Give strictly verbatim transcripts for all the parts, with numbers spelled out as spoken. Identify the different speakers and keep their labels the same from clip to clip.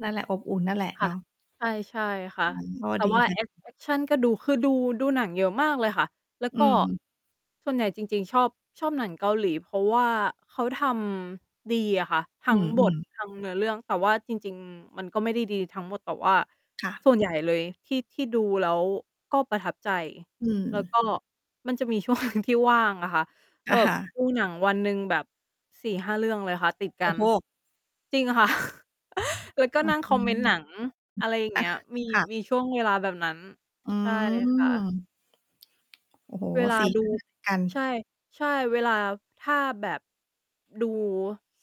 Speaker 1: นั่นแหละ อบอุ่นนั่นแหละ
Speaker 2: ค
Speaker 1: เ
Speaker 2: ่
Speaker 1: น
Speaker 2: ะ
Speaker 1: าะ
Speaker 2: ใช่ ใช่ค่
Speaker 1: อ
Speaker 2: ะ
Speaker 1: ืม ก็
Speaker 2: แต่
Speaker 1: ดี
Speaker 2: ว่า
Speaker 1: ค่
Speaker 2: แ
Speaker 1: ะ
Speaker 2: อก แอกชันก็ดู คือดู ดูหนังเยอะมากเลยค่ะ แล้ว
Speaker 1: อื
Speaker 2: ก็
Speaker 1: ม
Speaker 2: ส่วนใหญ่จริง ๆ ชอบ ชอบหนังเกาหลี เพราะว่าเขาทำดีอะค่ะ ทั
Speaker 1: อื
Speaker 2: ้งบท
Speaker 1: ม ๆ
Speaker 2: ทั้งเนื้อเรื่อง แต่ว่าจริง ๆ มันก็ไม่ได้ดีทั้งหมด แต่ว่า
Speaker 1: ค่ะ
Speaker 2: ส่วนใหญ่เลย ที่ ที่ดูแล้ว ก็ประทับใจ
Speaker 1: อื
Speaker 2: แล้ว
Speaker 1: ม
Speaker 2: ก็มันจะมี ช่วงหนึ่ง ที่ว่างอะค่ะ ก
Speaker 1: อ
Speaker 2: ็
Speaker 1: ะ
Speaker 2: แบ
Speaker 1: ฮ
Speaker 2: บ
Speaker 1: ะ
Speaker 2: ดูหนังวันหนึ่งแบบ สี่ห้า เรื่องเลยค่ะ ติดก
Speaker 1: โอ
Speaker 2: ั
Speaker 1: ้
Speaker 2: น
Speaker 1: โฮ!
Speaker 2: จริงค่ะ แล้วก็
Speaker 1: อื
Speaker 2: น
Speaker 1: อ
Speaker 2: ั่ง
Speaker 1: ฮ
Speaker 2: ค
Speaker 1: ึ
Speaker 2: อมเมนต์หนัง อะไรอย่าง
Speaker 1: อ
Speaker 2: เ
Speaker 1: า
Speaker 2: งี้ย มี
Speaker 1: ค่ะ
Speaker 2: มีช่วงเวลาแบบนั้น
Speaker 1: อื
Speaker 2: ใช่ค่ะ
Speaker 1: ม โอ้โฮ
Speaker 2: เวลา
Speaker 1: สี
Speaker 2: ดู
Speaker 1: ก็ไม่ เหมือนกั
Speaker 2: ใช่
Speaker 1: น
Speaker 2: ใช่ เวลา ถ้าแบบ ดู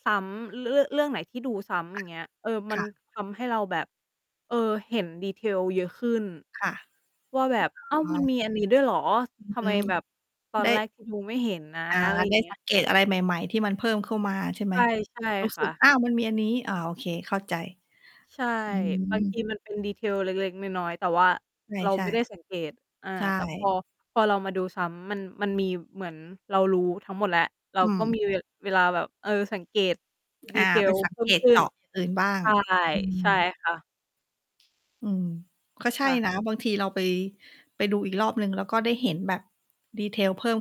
Speaker 2: ซ้ำ ร เรื่อ เรื่องไหนที่ดูซ้ำ อ
Speaker 1: ค่
Speaker 2: ย่
Speaker 1: ะ
Speaker 2: างเงี้ย เออ มั
Speaker 1: ค
Speaker 2: น
Speaker 1: ่ะ
Speaker 2: ทำให้เราแบบ เออ เห็น detail เยอะขึ้น
Speaker 1: ค่ะ
Speaker 2: ว่าแบบ อ้าว มันมีอันนี้ด้วยเหรอ
Speaker 1: อ
Speaker 2: ทำ
Speaker 1: ื
Speaker 2: ไม
Speaker 1: ม
Speaker 2: แบบตอ
Speaker 1: ได
Speaker 2: นแร
Speaker 1: ้
Speaker 2: กที่ดูไม่เห็นนะ
Speaker 1: อา
Speaker 2: อะไรอย
Speaker 1: ไ
Speaker 2: ่
Speaker 1: ด
Speaker 2: า
Speaker 1: ้
Speaker 2: งเงี้
Speaker 1: ส
Speaker 2: ย
Speaker 1: ังเกตอะไรใหม่ ๆ ที่มันเพิ่มเข้ามาใช่ไห
Speaker 2: ใ
Speaker 1: ม?
Speaker 2: ช่ ใช่
Speaker 1: รู้
Speaker 2: ค
Speaker 1: สึ
Speaker 2: ่ะ
Speaker 1: ก อ้าว! มันมีอันนี้ อ้อ โอเค เข้าใจ
Speaker 2: ใช่
Speaker 1: อื
Speaker 2: บางที
Speaker 1: ม
Speaker 2: มัน เป็น detail เล็ก ๆ น้อย ๆ แต่ว่า
Speaker 1: ใช
Speaker 2: เรา
Speaker 1: ่
Speaker 2: ไม่ได้สังเกต อา
Speaker 1: ๆ ใช
Speaker 2: แต่ พอ
Speaker 1: ่
Speaker 2: พอเรามาดูซ้ำ มัน มันมีเหมือนเรารู้ทั้งหมดแหละ เรา
Speaker 1: อื
Speaker 2: ก็
Speaker 1: ม
Speaker 2: มี เว เวลาแบบ เออ สังเกต
Speaker 1: อา ไป
Speaker 2: detail
Speaker 1: สัง
Speaker 2: เพิ่
Speaker 1: เก
Speaker 2: ม
Speaker 1: ต
Speaker 2: ขึ้
Speaker 1: เจ
Speaker 2: น
Speaker 1: าะอย่างอื่นบ้าง
Speaker 2: ใช่
Speaker 1: อื
Speaker 2: ใช
Speaker 1: ม
Speaker 2: ่ค่ะ
Speaker 1: อืม ก็ใช่
Speaker 2: ค่ะ
Speaker 1: นะ บางทีเรา ไป ไปดูอีกรอบหนึ่ง แล้วก็ได้เห็นแบบ detail เพิ่ม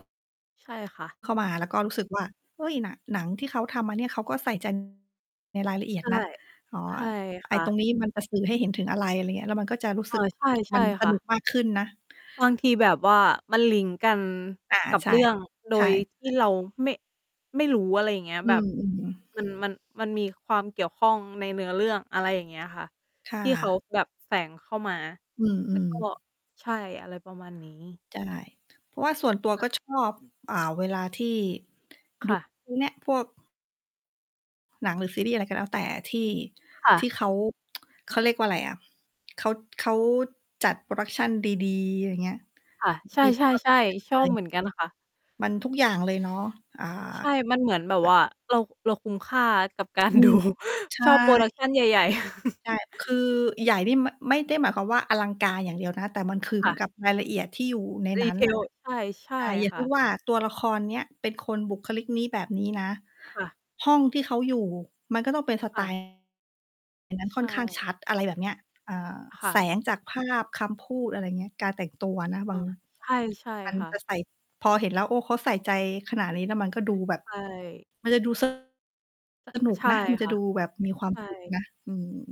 Speaker 2: ใช่ ค่ะ
Speaker 1: เข้ามา แล้วก็รู้สึกว่า เฮ้ย น หนังที่เขาทำมาเนี่ย เขาก็ใส่ ใจ ในรายละเอีย
Speaker 2: ใช
Speaker 1: ด
Speaker 2: ่
Speaker 1: นะ อ๋อ
Speaker 2: ใช่
Speaker 1: ไอ
Speaker 2: ค
Speaker 1: ้
Speaker 2: ่
Speaker 1: ต
Speaker 2: ะ
Speaker 1: รงนี้มันจะสื่อให้เห็นถึงอะไร อะไรอย่างเงี้ย แล้วมันก็จะรู้
Speaker 2: เ
Speaker 1: ส
Speaker 2: อ
Speaker 1: ึก
Speaker 2: อ ใช่ ใช
Speaker 1: มั
Speaker 2: ่
Speaker 1: นส
Speaker 2: ค่
Speaker 1: นุ
Speaker 2: ะ
Speaker 1: กมากขึ้นนะ
Speaker 2: บางทีแบบว่ามันลิงก์กัน
Speaker 1: อา
Speaker 2: กับ
Speaker 1: ใช่
Speaker 2: เรื่อง โด
Speaker 1: ใช่
Speaker 2: ยท
Speaker 1: อ
Speaker 2: ี่
Speaker 1: ัน
Speaker 2: เ
Speaker 1: น
Speaker 2: ร
Speaker 1: ี
Speaker 2: า
Speaker 1: ้
Speaker 2: ไม่ ไม่รู้ อะไรอย่างเงี้ย
Speaker 1: อื
Speaker 2: แบบ
Speaker 1: ม ๆ
Speaker 2: มัน มัน มันมีความเกี่ยวข้องในเนื้อเรื่อง อะไรอย่างเงี้ยค่ะ
Speaker 1: ค่
Speaker 2: ที่เขา
Speaker 1: ะ
Speaker 2: แบบแฝงเข้ามา
Speaker 1: อื
Speaker 2: แล้ว
Speaker 1: ม
Speaker 2: ก็
Speaker 1: ๆ
Speaker 2: ใช่ อะไรประมาณนี้
Speaker 1: ใช่ เพราะว่าส่วนตัว
Speaker 2: ค่
Speaker 1: ก็
Speaker 2: ะ
Speaker 1: ชอบ อ่า เวลาที่ด
Speaker 2: ค
Speaker 1: ู
Speaker 2: ่ะ
Speaker 1: พวกเนี่ย พวก หนัง หรือซีรีส์อะไรก็แล้วแต่ ที่
Speaker 2: ค่ะ
Speaker 1: ที่เขา เขาเรียกว่าไรอะ เขา เขาจัด Production ดี ๆ อะไรอย่างเงี้ย
Speaker 2: ค่ะ
Speaker 1: บาง
Speaker 2: ใ
Speaker 1: ทีแบบ
Speaker 2: ช่ ๆ ๆ ช
Speaker 1: เล
Speaker 2: อบ
Speaker 1: ย
Speaker 2: เหมือนกันค่ะ
Speaker 1: มันทุกอย่างเลยเนาะ อ่า
Speaker 2: ใช่ มันเหมือนแบบ
Speaker 1: อ
Speaker 2: ว่า เรา เราคุ้มค่ากับกา
Speaker 1: อ
Speaker 2: ร
Speaker 1: ื
Speaker 2: ดู
Speaker 1: ม ใช
Speaker 2: ชอบ
Speaker 1: ่
Speaker 2: Production ใหญ่ ๆ
Speaker 1: ใช่ คือใหญ่นี่ ม ไม่ได้หมายความว่าอลังการอย่างเดียวนะ แต่มันคือเห
Speaker 2: ค
Speaker 1: ม
Speaker 2: ่
Speaker 1: ือน
Speaker 2: ะ
Speaker 1: กับรายละเอียดที่อยู่ในนั้นน่ะ
Speaker 2: Retail ใช่ ใช่
Speaker 1: อา อย่าง
Speaker 2: ค
Speaker 1: เพ
Speaker 2: ่
Speaker 1: ิ่ง
Speaker 2: ะ
Speaker 1: ว่า ตัวละครเนี้ยเป็นคนบุคลิกนี้ แบบนี้นะ
Speaker 2: ค่ะ
Speaker 1: ห้องที่เขาอยู่มันก็ต้องเป็น สไ
Speaker 2: ค
Speaker 1: ต
Speaker 2: ่ะ
Speaker 1: ล์ อันนั้น
Speaker 2: ใ
Speaker 1: ค
Speaker 2: ช
Speaker 1: ่อนข้างช
Speaker 2: ่
Speaker 1: ัด อะไรแบบเนี้ย อ่า
Speaker 2: ค่
Speaker 1: แส
Speaker 2: ะ
Speaker 1: งจากภาพ คำพูด อะไรอย่างเงี้ย การแต่งตัวนะ
Speaker 2: เ
Speaker 1: บ
Speaker 2: อ
Speaker 1: า
Speaker 2: อ
Speaker 1: ง
Speaker 2: ใช่ ใช่
Speaker 1: วัน
Speaker 2: ค่
Speaker 1: จะ
Speaker 2: ะ
Speaker 1: ใส่ พอเห็นแล้ว โอ้ เขาใส่ใจขนาดนี้ แล้วมันก็ดูแบบ
Speaker 2: ใช่
Speaker 1: มันจะดู ส
Speaker 2: อ
Speaker 1: นุก
Speaker 2: ใช่
Speaker 1: นะ มันจ
Speaker 2: ค
Speaker 1: ะ
Speaker 2: ่ะ
Speaker 1: ดูแบบมีความ
Speaker 2: ใช
Speaker 1: สุข
Speaker 2: ่
Speaker 1: นะ อืม